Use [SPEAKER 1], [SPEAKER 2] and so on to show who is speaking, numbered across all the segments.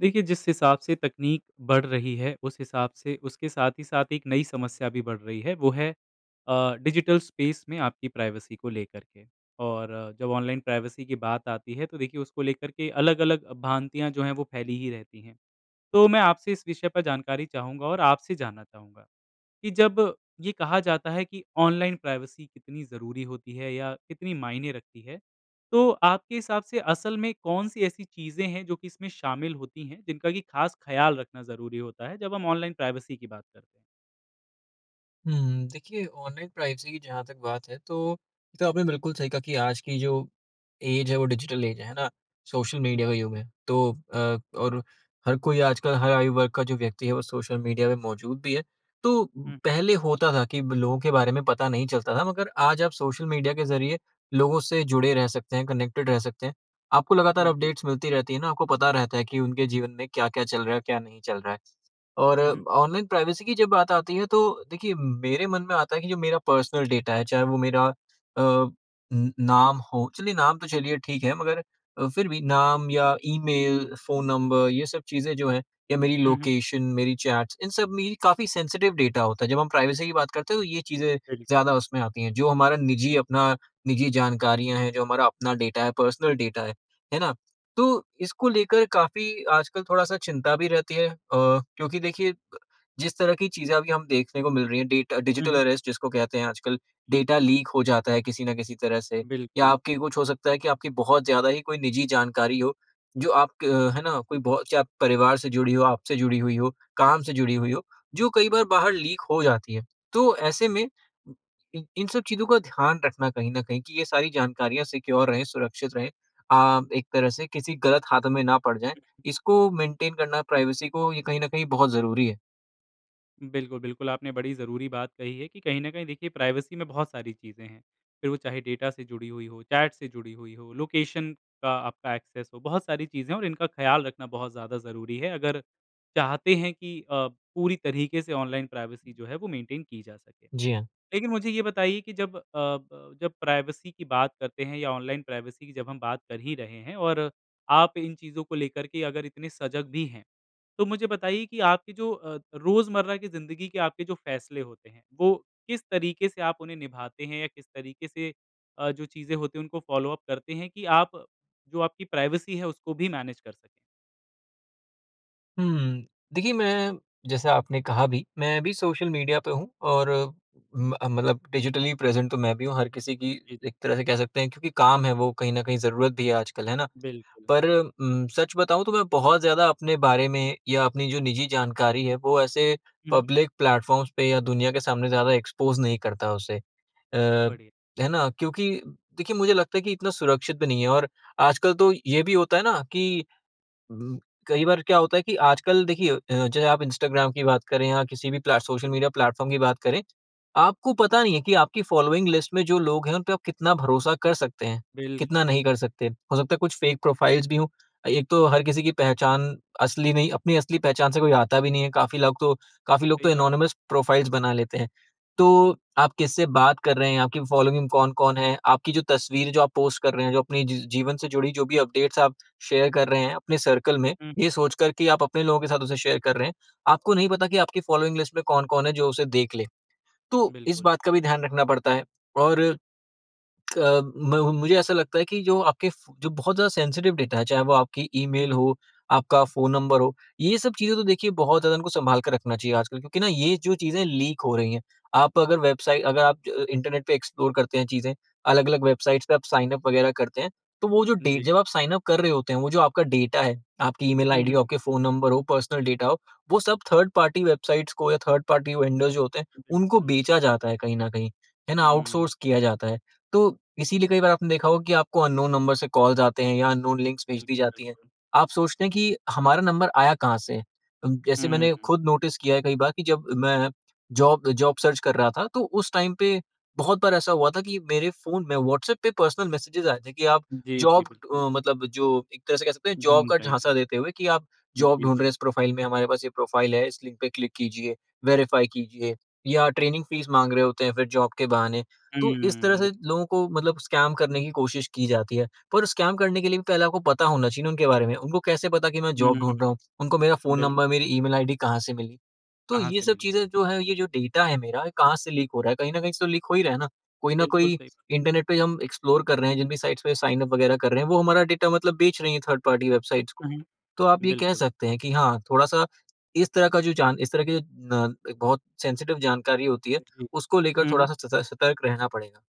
[SPEAKER 1] देखिए, जिस हिसाब से तकनीक बढ़ रही है, उस हिसाब से उसके साथ ही साथ एक नई समस्या भी बढ़ रही है, वो है अ, डिजिटल स्पेस में आपकी प्राइवेसी को लेकर के। और जब ऑनलाइन प्राइवेसी की बात आती है, तो देखिए, उसको लेकर के अलग-अलग भ्रांतियाँ जो हैं, वो फैली ही रहती हैं। तो मैं आपसे इस विषय पर जानकारी चाहूँगा और आपसे जानना चाहूँगा कि जब ये कहा जाता है कि ऑनलाइन प्राइवेसी कितनी ज़रूरी होती है या कितनी मायने रखती है, तो आपके हिसाब से असल में कौन-सी ऐसी चीज़ें हैं जो कि इसमें शामिल होती हैं, जिनका कि ख़ास ख़याल रखना ज़रूरी होता है, जब हम ऑनलाइन प्राइवेसी की बात करते।
[SPEAKER 2] हुँ, देखिए, ऑनलाइन प्राइवेसी की जहाँ तक बात है, तो आपने बिल्कुल सही कहा कि आज की जो ऐज है, वो डिजिटल ऐज है, है ना? सोशल मीडिया
[SPEAKER 1] जी।
[SPEAKER 2] का युग है। तो अ और हर कोई, आजकल हर आयु वर्ग का जो व्यक्ति है, वो सोशल मीडिया में मौजूद भी है। तो पहले होता था कि लोगों के बारे में पता नहीं चलता था, मगर आज आप सोशल मीडिया के ज़रिए लोगों से जुड़े रह सकते हैं, कनेक्टेड रह सकते हैं। आपको लगातार
[SPEAKER 1] जी।
[SPEAKER 2] अपडेट्स मिलती रहती हैं ना, आपको पता रहता है कि उनके जीवन में क्या-क्या चल रहा है, क्या नहीं चल रहा है। और
[SPEAKER 1] हुँ, हुँ।
[SPEAKER 2] ऑनलाइन प्राइवेसी की जब बात आती है, तो देखिए, मेरे मन में आता है कि जो मेरा पर्सनल डाटा है, चाहे वो मेरा अ नाम हो, चलिए नाम तो चलिए ठीक है, मगर फिर भी नाम या ईमेल, फ़ोन नंबर, ये सब चीज़ें जो हैं, ये मेरी
[SPEAKER 1] हुँ, हुँ।
[SPEAKER 2] लोकेशन, मेरी चैट्स इन सब में काफ़ी सेंसिटिव डाटा होता है। जब हम प्राइवेसी की बात करते हैं, तो ये चीज़ें
[SPEAKER 1] बिल्कुल।
[SPEAKER 2] ज़्यादा उसमें आती हैं, जो हमारा निजी, अपना निजी जानकारियाँ हैं, जो हमारा अपना डाटा है, पर्सनल डाटा है, है ना? तो इसको लेकर काफ़ी आजकल अ थोड़ा-सा चिंता भी रहती है, क्योंकि देखिए, जिस तरह की चीज़ें अभी हम देखने को मिल रही हैं डेटा
[SPEAKER 1] हुँ,
[SPEAKER 2] डिजिटल
[SPEAKER 1] हुँ।
[SPEAKER 2] अरेस्ट, जिसको कहते हैं आजकल डाटा लीक हो जाता है किसी न किसी तरह से। या
[SPEAKER 1] बिल्कुल।
[SPEAKER 2] आपके कुछ हो सकता है कि आपकी बहुत ज़्यादा ही कोई निजी जानकारी हो, जो आप, है ना, कोई बहुत से परिवार से जुड़ी हो, आपसे जुड़ी हुई हो, काम से जुड़ी हुई हो, जो कई बार बाहर लीक हो जाती है। तो ऐसे में, इ इन सब चीज़ों का ध्यान रखना, कहीं न कहीं, कि ये सारी जानकारियाँ सिक्योर रहें, सुरक्षित रहें, अ, एक तरह से किसी गलत हाथ में ना पड़ जाएँ इसको मेंटेन करना, प्राइवेसी को, ये कहीं न कहीं बहुत ज़रूरी है।
[SPEAKER 1] बिल्कुल-बिल्कुल, आपने बड़ी ज़रूरी बात कही है कि कहीं ना कहीं, देखिए, प्राइवेसी में बहुत सारी चीज़ें हैं, फिर वो चाहे डाटा से जुड़ी हुई हों, चैट से जुड़ी हुई हों, लोकेशन का आपका एक्सेस हो, बहुत सारी चीज़ें हैं। और इनका ख़्याल रखना बहुत ज़्यादा ज़रूरी है, अगर चाहते हैं अ, कि पूरी तरीके से ऑनलाइन प्राइवेसी जो है, वो मेंटेन की जा सके।
[SPEAKER 2] जी हाँ।
[SPEAKER 1] लेकिन मुझे ये बताइए कि जब अ, ब, प्राइवेसी की बात करते हैं, या ऑनलाइन प्राइवेसी की जब हम बात कर ही रहे हैं, और आप इन चीज़ों को लेकर के अगर इतने सजग भी हैं, तो मुझे बताइए कि आपके जो रोज़मर्रा की ज़िंदगी के आपके जो फ़ैसले होते हैं, वो किस तरीके से आप उन्हें निभाते हैं, या किस तरीके से अ, जो चीज़ें होती हैं, उनको फ़ॉलो-अप करते हैं, कि आप जो आपकी प्राइवेसी है, उसको भी मैनेज कर सकें।
[SPEAKER 2] हुँ, देखिए, मैं, जैसा आपने कहा भी, मैं भी सोशल मीडिया पर हूँ, और अम मतलब डिजिटली प्रेज़ेंट तो मैं भी हूँ। हर किसी की
[SPEAKER 1] जी, जी।
[SPEAKER 2] एक तरह से कह सकते हैं, क्योंकि काम है, वो कहीं न कहीं ज़रूरत भी है आजकल, है ना।
[SPEAKER 1] बिल्कुल।
[SPEAKER 2] पर म सच बताऊँ तो मैं बहुत ज़्यादा अपने बारे में, या अपनी जो निजी जानकारी है, वो ऐसे
[SPEAKER 1] हुँ, हुँ।
[SPEAKER 2] पब्लिक प्लेटफ़ॉर्म्स पे या दुनिया के सामने ज़्यादा एक्सपोज़ नहीं करता उसे। अ,
[SPEAKER 1] बढ़िया।
[SPEAKER 2] है ना? क्योंकि देखिए, मुझे लगता है कि इतना सुरक्षित भी नहीं है। और आजकल तो ये भी होता है ना कि ब कई बार क्या होता है कि, आजकल देखिए, जैसे आप इंस्टाग्राम की बात करें या किसी भी प्ले सोशल मीडिया प्लेटफ़ॉर्म की बात करें, आपको पता नहीं है कि आपकी फ़ॉलोइंग लिस्ट में जो लोग हैं, उन पे आप कितना भरोसा कर सकते हैं, कितना
[SPEAKER 1] बिल्कुल।
[SPEAKER 2] नहीं कर सकते। हो सकता है कुछ फ़ेक प्रोफ़ाइल्स भी हों। एक तो हर किसी की पहचान असली नहीं अपनी असली पहचान से कोई आता भी नहीं है। काफ़ी लग तो लोग तो
[SPEAKER 1] सही बात है।
[SPEAKER 2] एनॉनिमस प्रोफ़ाइल्स बना लेते हैं। तो आप किससे बात कर रहे हैं, आपकी फ़ॉलोइंग कौन-कौन है, आपकी जो तस्वीर जो आप पोस्ट कर रहे हैं, जो अपने जीवन से जुड़ी जो भी अपडेट्स आप शेयर कर रहे हैं अपने सर्कल में,
[SPEAKER 1] हुँ।
[SPEAKER 2] ये सोचकर कि आप अपने लोगों के साथ उसे शेयर कर रहे हैं, आपको नहीं पता कि आपकी फ़ॉलोइंग लिस्ट में कौन-कौन है जो उसे देख ले। तो इस
[SPEAKER 1] बिल्कुल।
[SPEAKER 2] बात का भी ध्यान रखना पड़ता है। और अ, म मुझे ऐसा लगता है कि जो आपके फू बहुत ज़्यादा सेंसिटिव डाटा हैं, चाहे वो आपकी ई-मेल
[SPEAKER 1] हुँ।
[SPEAKER 2] हो, आपका फ़ोन नंबर हो, ये सब चीज़ें तो देखिए बहुत ज़्यादा इनको संभाल कर रखना चाहिए आजकल। क्योंकि ना, ये जो चीज़ें लीक हो रही हैं। आप अगर वेबसाइ अगर आप इंटरनेट पे एक्सप्लोर करते हैं, चीज़ें अलग-अलग वेबसाइट्स पे आप साइन अप वगैरह करते हैं, तो वो डे
[SPEAKER 1] जी।
[SPEAKER 2] जब आप साइन अप कर रहे होते हैं, वो जो आपका डाटा है, आपकी ई-मेल
[SPEAKER 1] हुँ,
[SPEAKER 2] आईडी
[SPEAKER 1] हुँ।
[SPEAKER 2] हो, आपके फ़ोन नंबर हों, पर्सनल डाटा हो, वो सब थर्ड-पार्टी वेबसाइट्स को या थर्ड-पार्टी वेंडर्स जो होते हैं, उनको
[SPEAKER 1] बिल्कुल।
[SPEAKER 2] बेचा जाता है कहीं न कहीं, है ना,
[SPEAKER 1] हुँ।
[SPEAKER 2] आउटसोर्स किया जाता है। तो इसीलिए कई बार आपने देखा होगा कि आपको अननोन नंबर से कॉल्स आते हैं, या अननोन लिंक भेज दी
[SPEAKER 1] बिल्कुल,
[SPEAKER 2] जाती हैं।
[SPEAKER 1] बिल्कुल।
[SPEAKER 2] आप सोचते हैं कि हमारा नंबर आया कहाँ से? जैसे मैंने
[SPEAKER 1] हुँ।
[SPEAKER 2] खुद नोटिस किया है कई बार कि जब मैं जॉब जॉब सर्च कर रहा था, तो उस टाइम पे बहुत बार ऐसा हुआ था कि मेरे फ़ोन में व्हाट्सऐप पे पर्सनल मैसेज आए थे कि आप
[SPEAKER 1] जी, जी
[SPEAKER 2] जॉब
[SPEAKER 1] बिल्कुल।
[SPEAKER 2] अ, मतलब जो एक तरह से कह सकते हैं, जॉब
[SPEAKER 1] ढूंढ
[SPEAKER 2] का
[SPEAKER 1] रहे हैं।
[SPEAKER 2] झांसा देते हुए कि आप जॉब
[SPEAKER 1] जी,
[SPEAKER 2] ढूँढ रहे हैं,
[SPEAKER 1] जी।
[SPEAKER 2] इस प्रोफ़ाइल में हमारे पास ये प्रोफ़ाइल है, इस लिंक पे क्लिक कीजिए, वेरिफ़ाई कीजिए, या ट्रेनिंग फ़ीस माँग रहे होते हैं फिर जॉब के बहाने। तो इस तरह
[SPEAKER 1] हुँ, बिल्कुल।
[SPEAKER 2] से लोगों को मतलब स्कैम करने की कोशिश की जाती है। पर स्कैम करने के लिए पहले आपको पता होना चाहिए ना उनके बारे में। उनको कैसे पता कि मैं जॉब ढूँढ
[SPEAKER 1] हुँ,
[SPEAKER 2] रहा हूँ? उनको मेरा फ़ोन
[SPEAKER 1] बिल्कुल।
[SPEAKER 2] नंबर, मेरी ई-मेल आईडी कहाँ से मिली? तो
[SPEAKER 1] कहाँ
[SPEAKER 2] ये
[SPEAKER 1] से
[SPEAKER 2] सब
[SPEAKER 1] मिली?
[SPEAKER 2] चीज़ें, जो है, ये जो डेटा है मेरा, ये कहाँ से लीक हो रहा है? कहीं न कहीं से तो लीक हो ही रहा है ना। कोई न
[SPEAKER 1] बिल्कुल
[SPEAKER 2] कोई
[SPEAKER 1] सही।
[SPEAKER 2] इंटरनेट पे हम एक्सप्लोर कर रहे हैं, जिन भी साइट्स पे साइन अप वगैरह कर रहे हैं, वो हमारा डाटा, मतलब, बेच रही हैं थर्ड-पार्टी वेबसाइट्स को।
[SPEAKER 1] हुँ,
[SPEAKER 2] तो आप
[SPEAKER 1] हुँ
[SPEAKER 2] ये कह
[SPEAKER 1] बिल्कुल।
[SPEAKER 2] सकते हैं कि हाँ, थोड़ा-सा इस तरह का, जो जान इस तरह की न, बहुत सेंसिटिव जानकारी होती है,
[SPEAKER 1] जी,
[SPEAKER 2] उसको लेकर
[SPEAKER 1] हुँ।
[SPEAKER 2] थोड़ा-सा स सतर्क रहना पड़ेगा।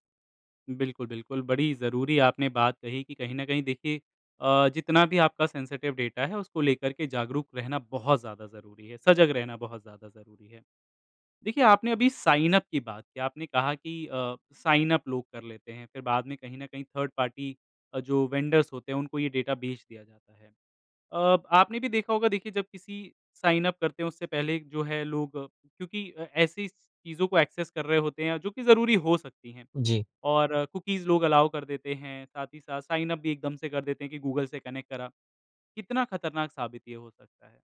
[SPEAKER 1] बिल्कुल-बिल्कुल, बड़ी ज़रूरी आपने बात कही कि कहीं ना कहीं देखिए अ, जितना भी आपका सेंसिटिव डाटा है उसको लेकर के जागरूक रहना बहुत ज़्यादा ज़रूरी है, सजग रहना बहुत ज़्यादा ज़रूरी है, देखिए आपने अभी साइन अप की बात की आपने कहा की साइन अप लोग कर लेते हैं फिर बाद में कहीं ना कहीं थर्ड पार्टी जो वेंडर्स होते हैं उनको ये डाटा बेच दिया जाता है, अ, आपने भी देखा होगा देखिए जब किसी साइन अप करते है उससे पहले जो है लोग क्योंकि ऐसी चीजों को एक्सेस कर रहे होते है जो की ज़रूरी हो सकती है
[SPEAKER 2] जी।
[SPEAKER 1] और कुकीज़ लोग अलाउ कर देते हैं, साथ ही साथ साइन अप भी एकदम से कर देते हैं कि गूगल से कनेक्ट करा, कितना खतरनाक साबित ये हो सकता है।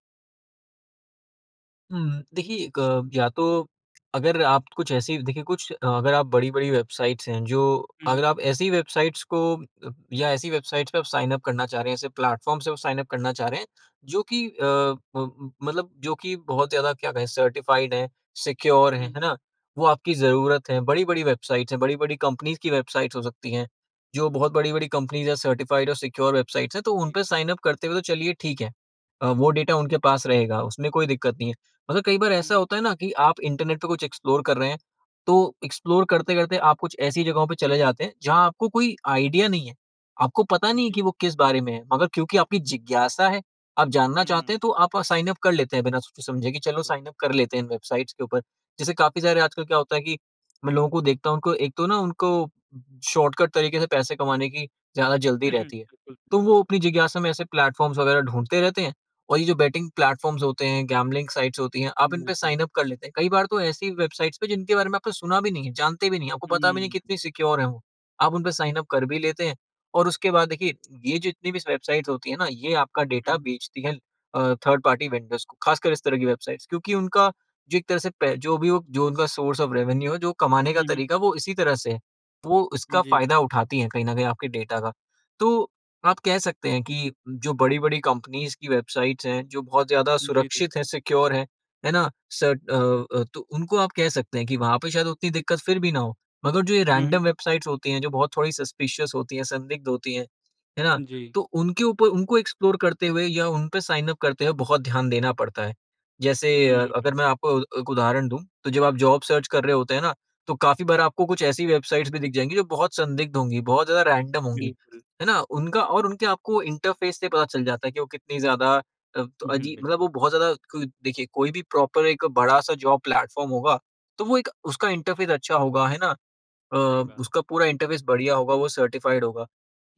[SPEAKER 2] हुँ, देखिए 1 या तो अगर आप कुछ ऐसी देखिए, कुछ अगर आप बड़ी-बड़ी वेबसाइट्स हैं, जो
[SPEAKER 1] हुँ, हुँ।
[SPEAKER 2] अगर आप ऐसी वेबसाइट्स को या ऐसी वेबसाइट्स पे साइन अप करना चाह रहे हैं, ऐसे प्लेटफ़ॉर्म से साइन अप करना चाह रहे हैं, जो कि अ, मतलब जो कि बहुत ज़्यादा क्या कहें, सर्टिफ़ाइड है, सिक्योर
[SPEAKER 1] हुँ,
[SPEAKER 2] हैं, है
[SPEAKER 1] हुँ।
[SPEAKER 2] ना? वो आपकी ज़रूरत है। बड़ी-बड़ी वेबसाइट्स हैं, बड़ी-बड़ी कंपनीज़ की वेबसाइट्स हो सकती हैं, जो बहुत बड़ी-बड़ी कंपनीज़ हैं, सर्टिफ़ाइड और सिक्योर वेबसाइट, तो
[SPEAKER 1] जी।
[SPEAKER 2] उनपे साइन अप करते हुए तो चलिए ठीक है, वो डाटा उनके पास रहेगा, उसमें कोई दिक्कत नहीं है। मतलब कई बार
[SPEAKER 1] हुँ,
[SPEAKER 2] ऐसा
[SPEAKER 1] हुँ।
[SPEAKER 2] होता है ना कि आप इंटरनेट पे कुछ एक्सप्लोर कर रहे हैं, तो एक्सप्लोर करते-करते आप कुछ ऐसी जगहों पे चले जाते हैं जहाँ आपको कोई आइडिया नहीं है, आपको पता नहीं है कि
[SPEAKER 1] जी।
[SPEAKER 2] वो किस बारे में है, मगर क्योंकि आपकी जिज्ञासा है, आप जानना
[SPEAKER 1] हुँ।
[SPEAKER 2] चाहते हैं, तो आप साइन अप कर लेते हैं बिना सोचे-समझे कि चलो
[SPEAKER 1] बिल्कुल।
[SPEAKER 2] साइन अप कर लेते हैं इन वेबसाइट्स के ऊपर। जैसे काफ़ी सारे आजकल क्या होता है कि मैं लोगों को देखता हूँ, उनको एक तो ना उनको शॉर्टकट तरीके से पैसे कमाने की ज़्यादा जल्दी रहती है,
[SPEAKER 1] बिल्कुल,
[SPEAKER 2] तो
[SPEAKER 1] सही बात
[SPEAKER 2] वो
[SPEAKER 1] है।
[SPEAKER 2] अपनी जिज्ञासा में ऐसे प्लेटफ़ॉर्म्स वगैरह ढूँढते रहते हैं। और ये जो बैटिंग प्लेटफ़ॉर्म्स होते हैं, गैम्बलिंग साइट्स होती हैं, आप इनपे
[SPEAKER 1] बिल्कुल।
[SPEAKER 2] साइन अप कर लेते हैं। कई बार तो ऐसी वेबसाइट्स पे, जिनके बारे में आपने सुना भी नहीं है, जानते भी नहीं हैं, आपको पता भी नहीं कि
[SPEAKER 1] हुँ।
[SPEAKER 2] कितनी सिक्योर हैं वो, आप उनपे साइन अप कर भी लेते हैं। और उसके बाद देखिए, ये जितनी भी वेबसाइट्स होती हैं ना, ये आपका
[SPEAKER 1] हुँ,
[SPEAKER 2] डाटा
[SPEAKER 1] हुँ।
[SPEAKER 2] बेचती हैं, अ, थर्ड पार्टी वेंडर्स को, ख़ासकर इस तरह की वेबसाइट्स, क्योंकि उनका जो एक तरह से पै जो भी उनका सोर्स ऑफ़ रेवेन्यू है, जो कमाने का
[SPEAKER 1] हुँ, हुँ।
[SPEAKER 2] तरीका है, वो इसी तरह से है। वो उसका
[SPEAKER 1] जी।
[SPEAKER 2] फ़ायदा उठाती हैं कहीं न कहीं आपके डेटा का। तो आप कह सकते हैं कि जो बड़ी-बड़ी कंपनीज़ की वेबसाइट्स हैं, जो बहुत ज़्यादा
[SPEAKER 1] जी, जी।
[SPEAKER 2] सुरक्षित हैं, सिक्योर हैं, है ना? शर्ट अ, अ, तो उनको आप कह सकते हैं कि वहाँ पे शायद उतनी दिक्कत फिर भी ना हो। मगर जो ये
[SPEAKER 1] हुँ, हुँ।
[SPEAKER 2] रैंडम वेबसाइट्स होती हैं, जो बहुत थोड़ी सस्पिशस होती हैं, संदिग्ध होती हैं, है ना?
[SPEAKER 1] जी।
[SPEAKER 2] तो उनके ऊपर उनको एक्सप्लोर करते हुए या उनपे साइन अप करते हुए बहुत ध्यान देना पड़ता है। जैसे
[SPEAKER 1] हुँ,
[SPEAKER 2] अगर
[SPEAKER 1] हुँ।
[SPEAKER 2] मैं आपको अ, एक उदाहरण दूँ, तो जब आप जॉब सर्च कर रहे होते हैं ना, तो काफ़ी बार आपको कुछ ऐसी वेबसाइट्स भी दिख जाएँगी जो बहुत संदिग्ध होंगी, बहुत ज़्यादा रैंडम होंगी,
[SPEAKER 1] बिल्कुल।
[SPEAKER 2] है ना? उनका और उनके आपको इंटरफ़ेस से पता चल जाता है कि वो कितनी ज़्यादा अ,
[SPEAKER 1] उ हुँ,
[SPEAKER 2] अजीब, मतलब वो
[SPEAKER 1] बिल्कुल।
[SPEAKER 2] बहुत ज़्यादा, देखिए, कोई भी प्रॉपर एक बड़ा-सा जॉब प्लेटफ़ॉर्म होगा, तो एक उसका इंटरफ़ेस अच्छा होगा, है ना? अ,
[SPEAKER 1] सही बात है।
[SPEAKER 2] उसका पूरा इंटरफ़ेस बढ़िया होगा, वो सर्टिफ़ाइड होगा।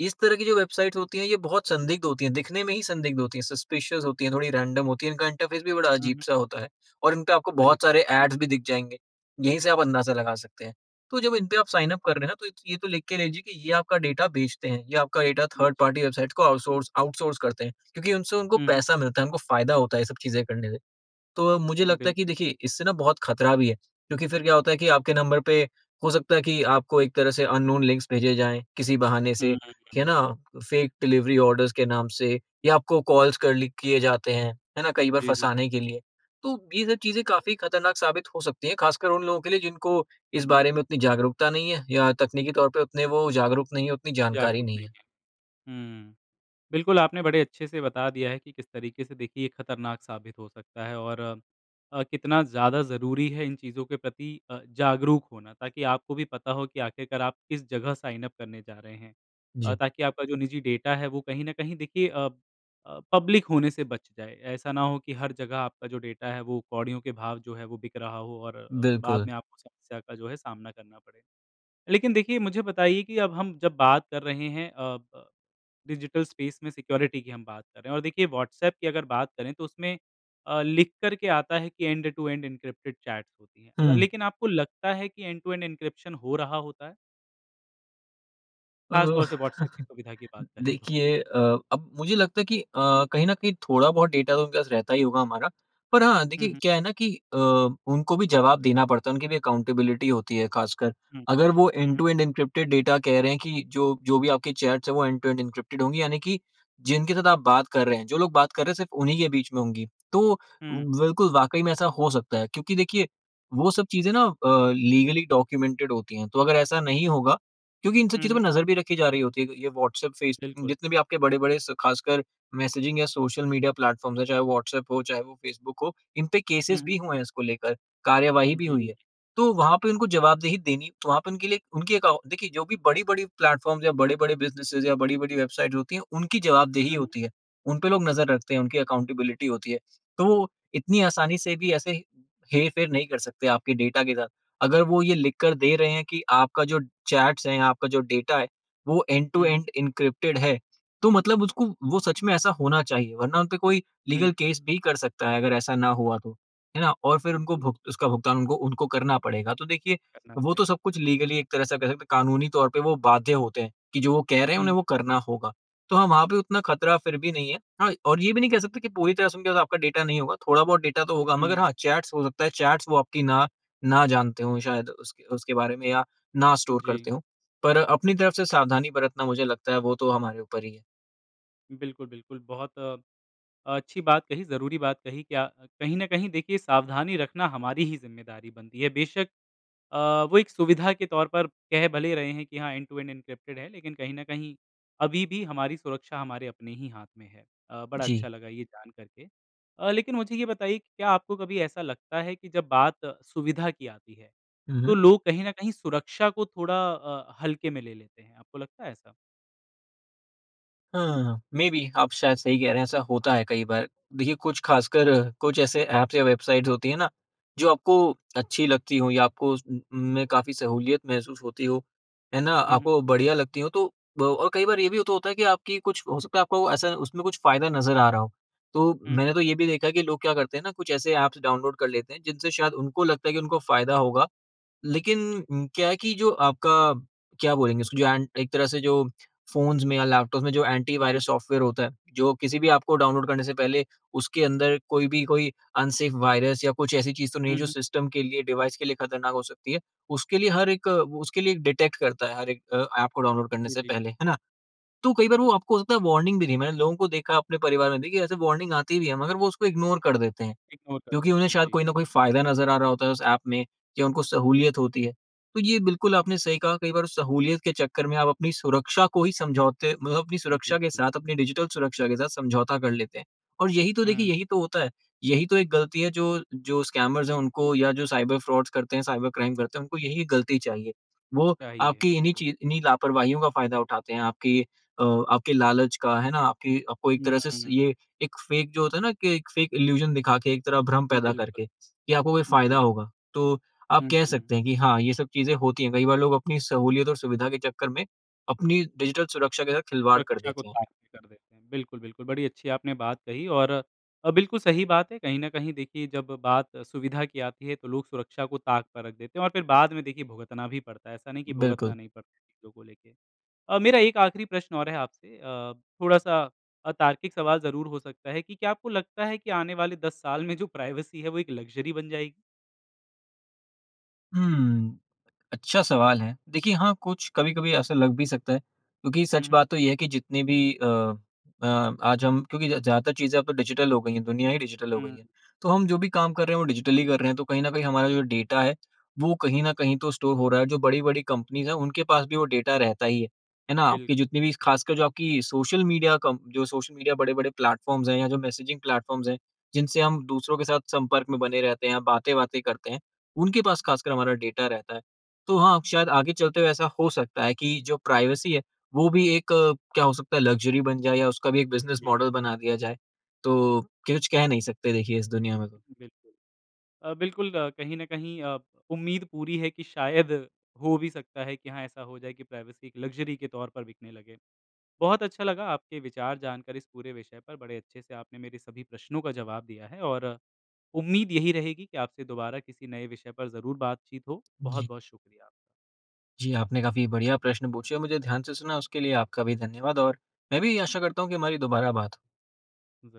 [SPEAKER 2] इस तरह की जो वेबसाइट्स होती हैं, ये बहुत संदिग्ध होती हैं, दिखने में ही संदिग्ध होती हैं, सस्पिशस होती हैं, थोड़ी रैंडम होती हैं। इनका इंटरफ़ेस भी बड़ा
[SPEAKER 1] हुँ, हुँ।
[SPEAKER 2] अजीब-सा होता है और इनपे आपको
[SPEAKER 1] [unintelligible]
[SPEAKER 2] बहुत सारे एड्स भी दिख जाएंगे। यहीं से आप अंदाज़ा लगा सकते हैं। तो जब इनपे आप साइन अप कर रहे हैं ना, तो ये तो लिख के लीजिए कि ये आपका डेटा बेचते हैं, ये आपका डाटा
[SPEAKER 1] [unintelligible]
[SPEAKER 2] थर्ड पार्टी वेबसाइट्स को आउटसोर्स आउटसोर्स करते हैं, क्योंकि उनसे उनको
[SPEAKER 1] हुँ, हुँ।
[SPEAKER 2] पैसा मिलता है, उनको फ़ायदा होता है ये सब चीज़ें करने से। तो मुझे लगता
[SPEAKER 1] बिल
[SPEAKER 2] है कि देखिए, इससे ना बहुत ख़तरा भी है, क्योंकि फिर क्या होता है कि आपके नंबर पे हो सकता है कि आपको एक तरह से अननोन लिंक भेजे जाएँ, किसी बहाने
[SPEAKER 1] हुँ,
[SPEAKER 2] से, है
[SPEAKER 1] हुँ।
[SPEAKER 2] ना? फ़ेक डिलिवरी ऑर्डर्स के नाम से, या आपको कॉल्स करली किए जाते हैं, है ना? कई बार
[SPEAKER 1] जी, जी।
[SPEAKER 2] फँसाने के लिए। तो ये सब चीज़ें काफ़ी ख़तरनाक साबित हो सकती हैं, ख़ासकर उन लोगों के लिए, जिनको इस बारे में उतनी जागरूकता नहीं है, या तकनीकी तौर पर उतने वो जागरूक नहीं हैं, उतनी जानकारी
[SPEAKER 1] जागरूक
[SPEAKER 2] नहीं
[SPEAKER 1] नहीं
[SPEAKER 2] है।
[SPEAKER 1] है, हुँ, बिल्कुल आपने बड़े अच्छे से बता दिया है कि किस तरीके से, देखिए, ये ख़तरनाक साबित हो सकता है और अ, कितना ज़्यादा ज़रूरी है इन चीज़ों के प्रति अ, जागरूक होना, ताकि आपको भी पता हो कि आख़िरकार आप किस जगह साइन अप करने जा रहे हैं,
[SPEAKER 2] जी।
[SPEAKER 1] ताकि आपका जो निजी डाटा है, वो कहीं ना कहीं, देखिए, अ, अ, पब्लिक होने से बच जाए। ऐसा ना हो कि हर जगह आपका जो डाटा है, वो कौड़ियों के भाव जो है, वो बिक रहा हो और अ, बाद
[SPEAKER 2] बिल्कुल।
[SPEAKER 1] में आपको समस्या का जो है सामना करना पड़े। लेकिन देखिए, मुझे बताइए कि अब हम जब बात कर रहे हैं, अ, ब, डिजिटल स्पेस में सिक्योरिटी की, हम बात कर रहे हैं, और देखिए, व्हाट्सएप की अगर बात करें तो उसमें, अ, लिख कर के आता है कि एंड-टू-एंड एनक्रिप्टेड चैट होती है।
[SPEAKER 2] हुँ।
[SPEAKER 1] लेकिन आपको लगता है कि एंड-टू-एंड एनक्रिप्शन हो रहा होता है? ख़ास
[SPEAKER 2] ओह!
[SPEAKER 1] तौर से, व्हाट्सऐप की सुविधा की बात करें तो।
[SPEAKER 2] देखिए अ, अब मुझे लगता है कि अ, कहीं न कहीं थोड़ा-बहुत डेटा तो उनके पास रहता ही होगा हमारा। पर हाँ,
[SPEAKER 1] हुँ,
[SPEAKER 2] देखिए
[SPEAKER 1] हुँ।
[SPEAKER 2] क्या है ना कि अ, उनको भी जवाब देना पड़ता है, उनकी भी अकाउंटेबिलिटी होती है। ख़ासकर
[SPEAKER 1] हुँ,
[SPEAKER 2] अगर वो
[SPEAKER 1] हुँ।
[SPEAKER 2] एंड-टू-एंड एन्क्रिप्टेड डाटा कह रहे हैं कि जो जो भी आपके चैट्स हैं, वो एंड-टू-एंड एन्क्रिप्टेड होंगी, यानी कि जिनके साथ आप बात कर रहे हैं, जो लोग बात कर रहे हैं, सिर्फ उन्हीं के बीच में होंगी। तो
[SPEAKER 1] हुँ।
[SPEAKER 2] बिल्कुल, वाकई में ऐसा हो सकता है। क्योंकि देखिए कि वो सब चीज़ें ना अ, लीगली डॉक्यूमेंटेड होती हैं। तो अगर ऐसा नहीं होगा क्योंकि इन सब
[SPEAKER 1] हुँ,
[SPEAKER 2] चीज़ों पर
[SPEAKER 1] हुँ।
[SPEAKER 2] नज़र भी रखी जा रही होती है। ये व्हाट्सएप, फेसबुक,
[SPEAKER 1] बिल्कुल।
[SPEAKER 2] जितने भी आपके बड़े-बड़े, ख़ासकर मैसेजिंग या सोशल मीडिया प्लेटफ़ॉर्म्स हैं, चाहे वो व्हाट्सएप हो, चाहे वो फ़ेसबुक हो, इन पर
[SPEAKER 1] हुँ,
[SPEAKER 2] केसेस भी
[SPEAKER 1] हुँ।
[SPEAKER 2] हुए हैं इसको लेकर, कार्रवाई भी हुई
[SPEAKER 1] जी।
[SPEAKER 2] है। तो वहाँ पर उनको जवाबदेही देनी वहाँ पर उनके लिए उनके देखिये जो भी बड़े-बड़े प्लेटफ़ॉर्म्स या बड़े-बड़े बिज़नेस या बड़ी-बड़ी वेबसाइट होती हैं, उनकी जवाबदेही
[SPEAKER 1] हुँ, हुँ।
[SPEAKER 2] होती है। उन पर लोग नज़र रखते हैं, उनकी अकाउंटेबिलिटी होती है। तो वो इतनी आसानी से भी ऐसे हेर-फेर नहीं कर सकते आपके डेटा के साथ। अगर वो ये लिख कर दे रहे हैं कि आपका जो चैट्स है, आपका जो डाटा है, वो
[SPEAKER 1] हुँ, हुँ।
[SPEAKER 2] एंड-टू-एंड एन्क्रिप्टेड है, तो मतलब उसको वो सच में ऐसा होना चाहिए। वरना उन पर कोई
[SPEAKER 1] हुँ।
[SPEAKER 2] लीगल केस भी कर सकता है, अगर ऐसा ना हुआ तो, है ना? और फिर उनको
[SPEAKER 1] [unintelligible]
[SPEAKER 2] भूग उसका भुगतान करना पड़ेगा। तो देखिए,
[SPEAKER 1] करना
[SPEAKER 2] वो तो
[SPEAKER 1] पड़ेगा।
[SPEAKER 2] सब कुछ लीगली एक तरह से कह सकते हैं, कानूनी तौर पर वो बाध्य होते हैं कि जो वो कह रहे हैं,
[SPEAKER 1] हुँ।
[SPEAKER 2] उन्हें वो करना होगा। तो हाँ, वहाँ पर उतना ख़तरा फिर भी नहीं है। हाँ, और ये भी नहीं कह सकते कि पूरी तरह से उनका आपके डाटा नहीं होगा। थोड़ा-बहुत डाटा तो होगा, मगर
[SPEAKER 1] हुँ।
[SPEAKER 2] हाँ, चैट्स हो सकता है, चैट्स वो आपकी ना ना जानते हों शायद उस उसके बारे में, या ना स्टोर
[SPEAKER 1] जी।
[SPEAKER 2] करते हों। पर अपनी तरफ़ से सावधानी बरतना, मुझे लगता है, वो तो हमारे ऊपर ही है।
[SPEAKER 1] बिल्कुल-बिल्कुल, बहुत अ, अच्छी बात कही, ज़रूरी बात कही क्या कहीं ना कहीं, देखिए, सावधानी रखना हमारी ही ज़िम्मेदारी बनती है। बेशक अ, वो एक सुविधा के तौर पर कह भले ही रहे है कि हाँ, एंड-टू-एंड एनक्रिप्टेड चैट है, लेकिन कहीं ना कहीं अभी भी हमारी सुरक्षा हमारे अपने ही हाथ में है। अ, बड़ा
[SPEAKER 2] जी।
[SPEAKER 1] अच्छा लगा ये जान करके। अ, लेकिन मुझे ये बताइए कि क्या आपको कभी ऐसा लगता है कि जब बात सुविधा की आती है,
[SPEAKER 2] हुँ,
[SPEAKER 1] तो
[SPEAKER 2] हुँ।
[SPEAKER 1] लोग कहीं ना कहीं सुरक्षा को थोड़ा अ, हल्के में ले लेते हैं? आपको लगता है ऐसा?
[SPEAKER 2] हाँ, मेबी आप शायद सही कह रहे हैं। ऐसा होता है कई बार। देखिए, कुछ खासकर कुछ ऐसे एप्स या वेबसाइट्स होती हैं ना, जो आपको अच्छी लगती हों, या आपको उन उन में काफ़ी सहूलियत महसूस होती हो, है ना?
[SPEAKER 1] हुँ, हुँ।
[SPEAKER 2] आपको बढ़िया लगती हों तो। और कई बार ये भी तो होता है कि आपकी कुछ हो सकता है, आपको ऐसा उसमें कुछ फ़ायदा नज़र आ रहा हो। तो
[SPEAKER 1] हुँ,
[SPEAKER 2] मैंने
[SPEAKER 1] हुँ।
[SPEAKER 2] तो ये भी देखा है कि लोग क्या करते हैं ना, कुछ ऐसे एप्स डाउनलोड कर लेते हैं, जिनसे शायद उनको लगता है कि उनको फ़ायदा होगा। लेकिन क्या है कि जो आपका, क्या बोलेंगे उसको, जो एक तरह से जो फ़ोन्स में या लैपटॉप में जो
[SPEAKER 1] जी।
[SPEAKER 2] एंटी-वायरस सॉफ़्टवेयर होता है, जो किसी भी एप को डाउनलोड करने से पहले उसके अंदर कोई भी, कोई मेबी अनसेफ वायरस या कुछ ऐसी चीज़ तो नहीं है,
[SPEAKER 1] हुँ,
[SPEAKER 2] जो
[SPEAKER 1] हुँ।
[SPEAKER 2] सिस्टम के लिए, डिवाइस के लिए ख़तरनाक हो सकती है, उसके लिए हर एक, उसके लिए डिटेक्ट करता है, हर एक एप को डाउनलोड करने
[SPEAKER 1] जी,
[SPEAKER 2] से
[SPEAKER 1] जी।
[SPEAKER 2] पहले, है ना? तो कई बार वो आपको हो सकता है, वार्निंग भी नहीं। मैंने लोगों को देखा, अपने परिवार में भी, ऐसे वार्निंग आती भी हैं, मगर वो उसको इग्नोर कर देते हैं,
[SPEAKER 1] इग्नोर कर
[SPEAKER 2] क्योंकि
[SPEAKER 1] देते
[SPEAKER 2] उन्हें
[SPEAKER 1] हैं,
[SPEAKER 2] शायद
[SPEAKER 1] जी।
[SPEAKER 2] कोई न कोई फ़ायदा नज़र आ रहा होता है उस एप में, कि उनको सहूलियत होती है। तो ये बिल्कुल आपने सही कहा। कई बार सहूलियत के चक्कर में आप अपनी सुरक्षा को ही, समझौते, मतलब अपनी सुरक्षा के
[SPEAKER 1] बिल्कुल।
[SPEAKER 2] साथ, अपनी डिजिटल सुरक्षा के साथ समझौता कर लेते हैं। और यही तो देखिए,
[SPEAKER 1] हुँ।
[SPEAKER 2] यही तो होता है, यही तो एक गलती है। जो जो स्कैमर्स हैं उनको, या जो साइबर फ्रॉड्स करते हैं साइबर क्राइम करते हैं, उनको यही गलती चाहिए। वो
[SPEAKER 1] सही हैं
[SPEAKER 2] आपकी इन्हीं
[SPEAKER 1] बिल्कुल।
[SPEAKER 2] ची इन्हीं लापरवाहियों का फ़ायदा उठाते हैं, आपके अ, आपके लालच का, है ना? आपकी, आपको एक तरह
[SPEAKER 1] ना,
[SPEAKER 2] से
[SPEAKER 1] ना।
[SPEAKER 2] ये, एक फ़ेक जो होता है ना, कि एक फ़ेक इल्यूज़न दिखा के, एक तरह भ्रम पैदा
[SPEAKER 1] बिल्कुल,
[SPEAKER 2] करके, या आपको कोई फ़ायदा
[SPEAKER 1] जी।
[SPEAKER 2] होगा। तो आप
[SPEAKER 1] हुँ,
[SPEAKER 2] कह
[SPEAKER 1] हुँ।
[SPEAKER 2] सकते हैं कि हाँ, ये सब चीज़ें होती हैं। कई बार लोग अपनी सहूलियत और सुविधा के चक्कर में अपनी डिजिटल सुरक्षा के साथ खिलवाड़ कर
[SPEAKER 1] सुरक्षा को
[SPEAKER 2] देते हैं।
[SPEAKER 1] ताक पर रख देते हैं। बिल्कुल, बिल्कुल, बहुत अच्छी बात आपने कही है। और बिल्कुल सही बात है, कहीं न कहीं देखिए, जब बात सुविधा की आती है, तो लोग सुरक्षा को ताक पर रख देते हैं। और फिर बाद में, देखिए, भुगतना भी पड़ता है। ऐसा नहीं है कि भुगतना
[SPEAKER 2] बिल्कुल।
[SPEAKER 1] नहीं पड़ता है चीज़ों को लेके। अ, मेरा एक आख़िरी प्रश्न और है आपसे, अ, थोड़ा-सा अतार्किक सवाल ज़रूर हो सकता है, कि क्या आपको लगता है कि आने वाले 10 साल में जो प्राइवेसी है, वो एक लक्ज़री बन जाएगी?
[SPEAKER 2] हुँ, अच्छा सवाल है। देखिए, हाँ, कुछ कभी-कभी ऐसा लग भी सकता है, क्योंकि
[SPEAKER 1] हुँ,
[SPEAKER 2] सच
[SPEAKER 1] हुँ।
[SPEAKER 2] बात तो यह है कि जितनी भी अ, अ, आज हम क्योंकि ज़्यादातर चीज़ें अब तो डिजिटल हो गई हैं, दुनिया ही डिजिटल हो गई
[SPEAKER 1] हुँ।
[SPEAKER 2] है, तो हम जो भी काम कर रहे हैं, वो डिजिटल ही कर रहे हैं। तो कहीं न कहीं हमारा जो डाटा है, वो कहीं न कहीं तो स्टोर हो रहा है। जो बड़ी-बड़ी कंपनीज़ हैं, उनके पास भी वो डाटा रहता ही है, है ना? आपकी
[SPEAKER 1] बिल्कुल।
[SPEAKER 2] जितनी भी, ख़ासकर जो आपकी सोशल मीडिया, कम्प जो सोशल मीडिया बड़े-बड़े प्लेटफ़ॉर्म्स हैं, या जो मैसेजिंग प्लेटफ़ॉर्म्स हैं, जिनसे हम दूसरों के साथ संपर्क में बने रहते हैं, बातें-वातें करते हैं, उनके पास ख़ासकर हमारा डाटा रहता है। तो हाँ, शायद आगे चलते हुए ऐसा हो सकता है कि जो प्राइवेसी है, वो भी एक, क्या हो सकता है, लक्ज़री बन जाए, या उसका भी एक बिज़नेस
[SPEAKER 1] जी।
[SPEAKER 2] मॉडल बना दिया जाए। तो कुछ कह नहीं सकते, देखिए, इस दुनिया में तो।
[SPEAKER 1] बिल्कुल, अ, बिल्कुल, कहीं न कहीं अ, उम्मीद पूरी है कि शायद हो भी सकता है कि हाँ, ऐसा हो जाए कि प्राइवेसी एक लक्ज़री के तौर पर बिकने लगे। बहुत अच्छा लगा आपके विचार जानकर, इस पूरे विषय पर बड़े अच्छे से आपने मेरे सभी प्रश्नों का जवाब दिया है, और उम्मीद यही रहेगी कि आपसे दोबारा किसी नए विषय पर ज़रूर बातचीत हो।
[SPEAKER 2] जी।
[SPEAKER 1] बहुत-बहुत शुक्रिया।
[SPEAKER 2] जी, आपने काफ़ी बढ़िया प्रश्न पूछे, मुझे ध्यान से सुना, उसके लिए आपका भी धन्यवाद। और मैं भी आशा करता हूँ कि हमारी दोबारा बात हो।